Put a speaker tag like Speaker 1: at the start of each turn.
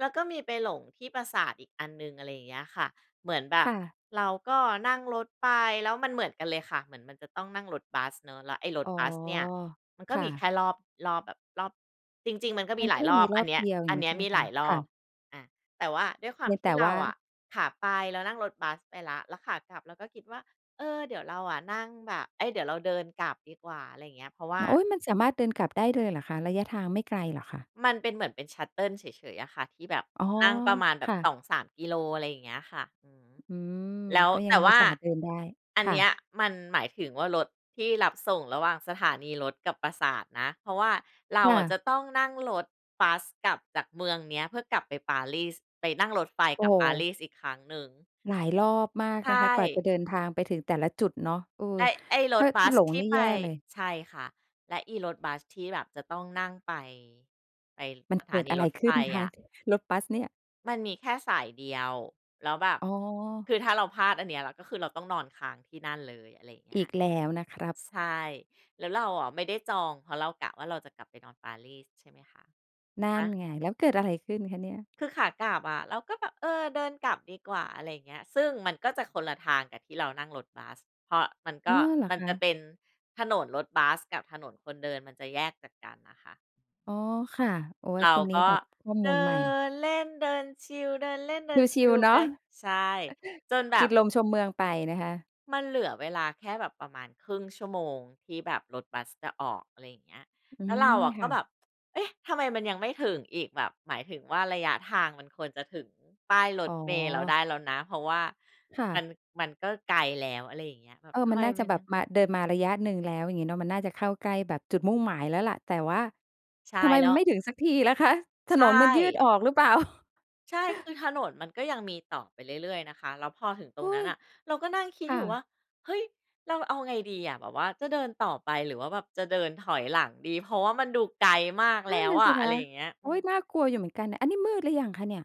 Speaker 1: แล้วก็มีไปหลงที่ปราสาทอีกอันหนึ่ง อะไรอย่างเงี้ยค่ะ เหมือนแบ
Speaker 2: ค
Speaker 1: บ
Speaker 2: ่ะ
Speaker 1: เราก็นั่งรถไป แล้วมันเหมือนกันเลยค่ะ เหมือนมันจะต้องนั่งรถบัสเนาะ แล้วไอ้รถ
Speaker 2: อ๋อ
Speaker 1: บัสเนี่ย มันก
Speaker 2: ค
Speaker 1: ็
Speaker 2: ่
Speaker 1: มีแค
Speaker 2: ะ
Speaker 1: ่รอบ รอบแบบรอบ จริง ๆ มันก็
Speaker 2: ม
Speaker 1: ม
Speaker 2: ั
Speaker 1: ี
Speaker 2: น
Speaker 1: หล
Speaker 2: ก็
Speaker 1: าย
Speaker 2: จ
Speaker 1: ร
Speaker 2: ะ
Speaker 1: อ
Speaker 2: มี
Speaker 1: บ
Speaker 2: ร
Speaker 1: อั
Speaker 2: อ
Speaker 1: น
Speaker 2: บ
Speaker 1: เนี้ย
Speaker 2: เดียวอย่
Speaker 1: อ
Speaker 2: า
Speaker 1: ั
Speaker 2: ง
Speaker 1: น
Speaker 2: งี
Speaker 1: เน
Speaker 2: ้
Speaker 1: ี
Speaker 2: ใ
Speaker 1: ้
Speaker 2: ช
Speaker 1: ย
Speaker 2: ่ไหม
Speaker 1: มี
Speaker 2: ค
Speaker 1: หล
Speaker 2: ะ?
Speaker 1: ายร
Speaker 2: ค
Speaker 1: อ
Speaker 2: ่
Speaker 1: บ
Speaker 2: ะ
Speaker 1: อา แต่ว่าด้วยคว
Speaker 2: เ
Speaker 1: า
Speaker 2: พ
Speaker 1: ม
Speaker 2: ียง
Speaker 1: ท
Speaker 2: แ
Speaker 1: ี
Speaker 2: ต
Speaker 1: ่
Speaker 2: ่
Speaker 1: เร
Speaker 2: ว
Speaker 1: า
Speaker 2: ่า
Speaker 1: อะ ขาไปเรานั่งรถบัสไปแล้ว แล้วขากลับก็คิดว่า เออ เดี๋ยวเราอะนั่งแบบ เอ๊ย! เดี๋ยวเราเดินกลับดีกว่า อะไรอย่างเงี้ย เพราะว่า
Speaker 2: โอ๊ย! มันสามารถเดินกลับได้เลยเหรอคะ? ระยะทางไม่ไกลเหรอคะ?
Speaker 1: มันเป็นเหมือนเป็น shuttle เฉย ๆ อะค่ะ ที่แบบ
Speaker 2: อ๋อ
Speaker 1: นั่งประมาณแบ
Speaker 2: ค
Speaker 1: บ
Speaker 2: ่ะ
Speaker 1: 2-3 กิโล อะไรอย่างเงี้ยค่ะ อือ
Speaker 2: อืม
Speaker 1: แล้ว
Speaker 2: ก็ย
Speaker 1: แ
Speaker 2: ั
Speaker 1: ต
Speaker 2: ง
Speaker 1: ่
Speaker 2: อ
Speaker 1: ว
Speaker 2: ุต
Speaker 1: ่า
Speaker 2: ส่าห์เดินได้
Speaker 1: อัน
Speaker 2: ค่
Speaker 1: เนี้
Speaker 2: ะ
Speaker 1: ยมันหมายถึงว่า รถที่รับส่งระหว่างสถานีรถกับปราสาทนะ เพราะว่าเรา
Speaker 2: ค่
Speaker 1: อะจ
Speaker 2: ะ
Speaker 1: ะต้องนั่งรถบัสกลับจากเมืองเนี้ย เพื่อกลับไปปารีส ไปนั่งรถไฟ
Speaker 2: โอ
Speaker 1: ก
Speaker 2: ้
Speaker 1: ลับ
Speaker 2: โ
Speaker 1: ปาร
Speaker 2: ฮ!
Speaker 1: ีสอีกครั้งหนึ่ง
Speaker 2: หลายรอบมาก
Speaker 1: ใช
Speaker 2: นะคะกว่า
Speaker 1: ่
Speaker 2: จะเดินทางไปถึงแต่ละจุดเนาะ เออ
Speaker 1: ไอ้ ไอ้ร
Speaker 2: ถ้
Speaker 1: ถ
Speaker 2: า
Speaker 1: บ
Speaker 2: ถ
Speaker 1: ั
Speaker 2: ้า
Speaker 1: ส
Speaker 2: หลง
Speaker 1: ที
Speaker 2: น
Speaker 1: ่
Speaker 2: ี่
Speaker 1: ไป
Speaker 2: แย่เลย
Speaker 1: ใช่ค่ะ และอีรถบัสที่แบบจะต้องนั่งไป ไป
Speaker 2: มัน
Speaker 1: สถ
Speaker 2: เก
Speaker 1: า
Speaker 2: ิด
Speaker 1: นี
Speaker 2: อะไ
Speaker 1: ร
Speaker 2: ร
Speaker 1: ถ
Speaker 2: ข
Speaker 1: ไฟ
Speaker 2: ึ้นค
Speaker 1: อ
Speaker 2: ะ
Speaker 1: ะ
Speaker 2: รถบัสเนี่ย?
Speaker 1: มันมีแค่สายเดียว แล้วแบบ
Speaker 2: อ๋อ
Speaker 1: คือถ้าเราพลาดอันเนี้ยแล้ว ก็คือเราต้องนอนค้างที่นั่นเลย อะไรอย่างเงี้
Speaker 2: อ
Speaker 1: ย
Speaker 2: ีก
Speaker 1: ส
Speaker 2: แล้วนะครับ
Speaker 1: ใช่ แล้วเราอะไม่ได้จอง เพราะเรากะว่าเราจะกลับไปนอนปารีส ใช่ไหมคะ
Speaker 2: นั่
Speaker 1: ฮ
Speaker 2: น
Speaker 1: ะ?
Speaker 2: ไง แล้วเกิดอะไรขึ้นคะเนี่ย?
Speaker 1: คือขากลับอะ เราก็แบบ เออ เดินกลับดีกว่า อะไรอย่างเงี้ย ซึ่งมันก็จะคนละทางกับที่เรานั่งรถบัส เพราะมันก
Speaker 2: อ๋อ
Speaker 1: ็
Speaker 2: เหรอ
Speaker 1: มัน
Speaker 2: ค
Speaker 1: จ
Speaker 2: ะ?
Speaker 1: ะเป็นถนนรถบัสกับถนนคนเดิน มันจะแยกจากกันน่ะค่ะ
Speaker 2: อ๋อ ค่ะ โอ๊
Speaker 1: เ
Speaker 2: ย
Speaker 1: รา
Speaker 2: ตรงนี
Speaker 1: ก
Speaker 2: ้
Speaker 1: ็
Speaker 2: แบบข้อ
Speaker 1: เด
Speaker 2: มู
Speaker 1: ิ
Speaker 2: ลใหม่
Speaker 1: นเล่นเดินชิล เดินเล่นเดิ
Speaker 2: คื
Speaker 1: น
Speaker 2: อช
Speaker 1: ช
Speaker 2: ิ
Speaker 1: ิ
Speaker 2: ล
Speaker 1: ล
Speaker 2: เน
Speaker 1: ไป
Speaker 2: าะ
Speaker 1: ใช่ จนแบ
Speaker 2: กิ
Speaker 1: บ
Speaker 2: นลมชมเมืองไปนะคะ
Speaker 1: มันเหลือเวลาแค่แบบประมาณ 0.5 ชั่วโมง ที่แบบรถบัสจะออก อะไรอย่างเงี้ย
Speaker 2: อื
Speaker 1: แล้วเร
Speaker 2: ม
Speaker 1: าอะ
Speaker 2: ค
Speaker 1: ก
Speaker 2: ่
Speaker 1: ็
Speaker 2: ะ
Speaker 1: แบบ เอ๊ะ! ทำไมมันยังไม่ถึงอีก แบบหมายถึงว่า ระยะทางมันควรจะถึงป้ายร
Speaker 2: อ๋
Speaker 1: ถเมล์เราได
Speaker 2: อ
Speaker 1: ้แล้วนะ เพราะว่า
Speaker 2: ค่
Speaker 1: มัน
Speaker 2: ะ
Speaker 1: มันก็ไกลแล้ว อะไรอย่างเงี้ย แบบ
Speaker 2: เออ
Speaker 1: ทำ
Speaker 2: มั
Speaker 1: ไม
Speaker 2: นน่า
Speaker 1: ม
Speaker 2: จ
Speaker 1: ั
Speaker 2: ะ
Speaker 1: น
Speaker 2: แบ
Speaker 1: ยั
Speaker 2: บ
Speaker 1: ง
Speaker 2: มา เดินมาระยะหนึ่งแล้ว อย่างเงี้ยเนาะ มันน่าจะเข้าใกล้แบบจุดมุ่งหมายแล้วล่ะ แต่ว่า
Speaker 1: ใช่
Speaker 2: ทำไม
Speaker 1: แล
Speaker 2: ม
Speaker 1: ้
Speaker 2: ัน
Speaker 1: ว
Speaker 2: ไม่ถึงสักทีล่ะคะ ถ
Speaker 1: ใช
Speaker 2: นนมันยืด
Speaker 1: ่
Speaker 2: ออกหรือเปล่า?
Speaker 1: ใช่ คือถนนมันก็ยังมีต่อไปเรื่อย ๆ นะคะ แล้วพอถึงต
Speaker 2: โ
Speaker 1: ร
Speaker 2: อ
Speaker 1: ง
Speaker 2: ๊
Speaker 1: นั้น
Speaker 2: ย!
Speaker 1: น่ะ เราก็นั่งคิด
Speaker 2: ค่
Speaker 1: อยู่ว่า
Speaker 2: ะ
Speaker 1: "เฮ้ย! เราเอาไงดีอะ?" แบบว่าจะเดินต่อไป หรือว่าแบบจะเดินถอยหลังดี เพราะว่ามันดูไกลมาก
Speaker 2: น
Speaker 1: แ
Speaker 2: ั
Speaker 1: ล
Speaker 2: ่
Speaker 1: ้
Speaker 2: น
Speaker 1: ว
Speaker 2: น่ะ
Speaker 1: อ
Speaker 2: สิ
Speaker 1: ะ อ
Speaker 2: ค
Speaker 1: ะไ
Speaker 2: ะ
Speaker 1: รอย่างเงี้ย อ
Speaker 2: โอ
Speaker 1: ื
Speaker 2: ๊
Speaker 1: อ
Speaker 2: ย! น่ากลัวอยู่เหมือนกัน อันนี้มืดหรือยังคะเนี่ย?